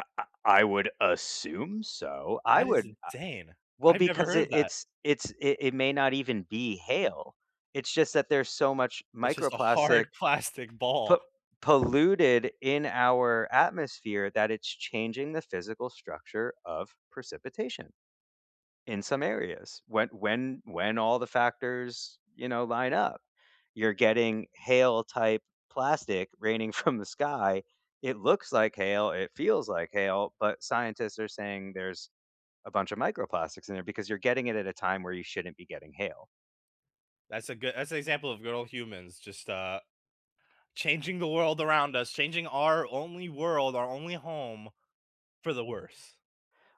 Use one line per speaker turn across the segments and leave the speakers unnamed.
I I I would assume so. I
That is
would, uh
insane.
well,
I've never
because
heard
it
of that.
it's it's it it may not even be hail. It's just that there's so much
It's just a
microplastic
hard plastic
po
ball.
polluted in our atmosphere that it's changing the physical structure of precipitation in some areas when when when all the factors, you know, line up. You're getting hail-type plastic raining from the sky. It looks like hail, it feels like hail, but scientists are saying there's a bunch of microplastics in there because you're getting it at a time where you shouldn't be getting hail.
That's a good that's an example of good old humans just, uh changing the world around us, changing our only world, our only home for the worse.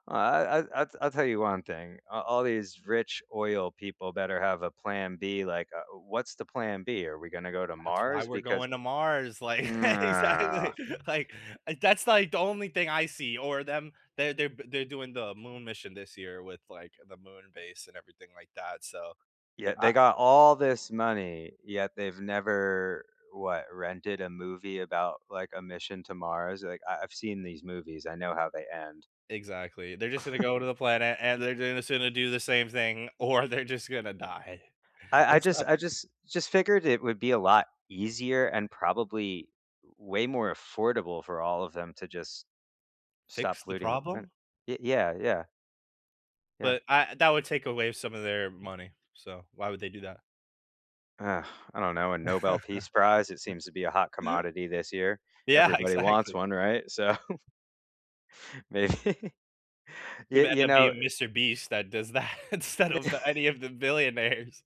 I I I t I tell you one thing. A all these rich oil people better have a plan B, like, uh, what's the plan B? Are we gonna go to
That's why
Mars?
we're
Because
going to Mars, like
nah.
exactly. Like, uh, that's, like, the only thing I see, or them they're they're b they're doing the moon mission this year with, like, the moon base and everything like that. So,
Yeah,
I
they got all this money, yet they've never, what, rented a movie about, like, a mission to Mars? Like, I I've seen these movies, I know how they end.
Exactly. They're just gonna go to the planet, and they're j gonna sonna do the same thing, or they're just gonna die.
I I
It's
just
not
I just just figured it would be a lot easier and, probably, way more affordable for all of them to just stop
Fix the
polluting the planet
problem?
it Yeah, yeah. Yeah.
But, I that would take away some of their money. So, why would they do that?
Ugh, I don't know, a Nobel Peace Prize. It seems to be a hot commodity this year,
Yeah,
everybody wants
exactly.
one, right? So Maybe.
It
Yeah.
may end
You
up
know,
being
eh
Mr. Beast that does that instead of the any of the billionaires.